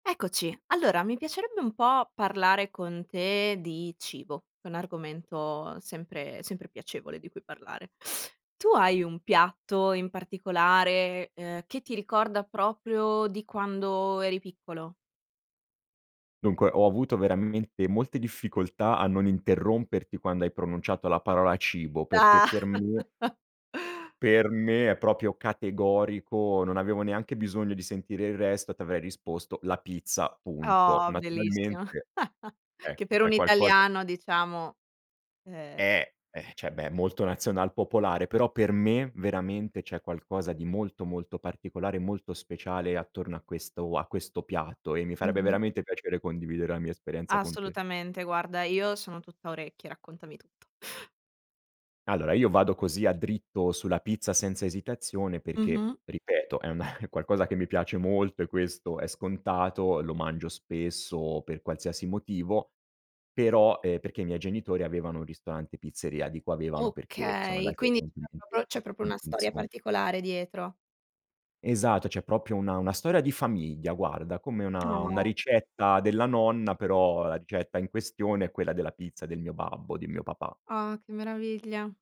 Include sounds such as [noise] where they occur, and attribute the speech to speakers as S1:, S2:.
S1: Eccoci, allora mi piacerebbe un po' parlare con te di cibo, che è un argomento sempre sempre piacevole di cui parlare. Tu hai un piatto in particolare, ehm, che ti ricorda proprio di quando eri piccolo?
S2: Dunque ho avuto veramente molte difficoltà a non interromperti quando hai pronunciato la parola cibo, perché
S1: Ah.
S2: per me
S1: [laughs]
S2: per me è proprio categorico, non avevo neanche bisogno di sentire il resto, e ti avrei risposto la pizza punto.
S1: Oh, bellissimo
S2: Naturalmente,
S1: [giggles] che
S2: ecco
S1: per
S2: è
S1: un
S2: qualcosa
S1: italiano diciamo, ehm
S2: Eh, ehm, cioè, beh è molto nazional popolare, però per me veramente c'è qualcosa di molto, molto particolare, molto speciale attorno a questo a questo piatto e mi farebbe
S1: Mh-mh.
S2: veramente piacere condividere la mia esperienza con te.
S1: Assolutamente guarda io sono tutta orecchie, raccontami tutto.
S2: Allora io vado così a dritto sulla pizza senza esitazione perché
S1: Mh-mh.
S2: ripeto è una è qualcosa che mi piace molto e questo è scontato, lo mangio spesso per qualsiasi motivo, però, ehm, perché i miei genitori avevano un ristorante pizzeria, dico avevano perché sono
S1: Okay,
S2: andati
S1: quindi c'è
S2: [unintelligible]
S1: proprio c'è proprio
S2: in
S1: una storia
S2: pensio
S1: particolare dietro.
S2: Esatto, c'è proprio una una storia di famiglia guarda, come una una
S1: Ah.
S2: ricetta della nonna, però la ricetta in questione è quella della pizza del mio babbo, di mio papà.
S1: Ah, che meraviglia.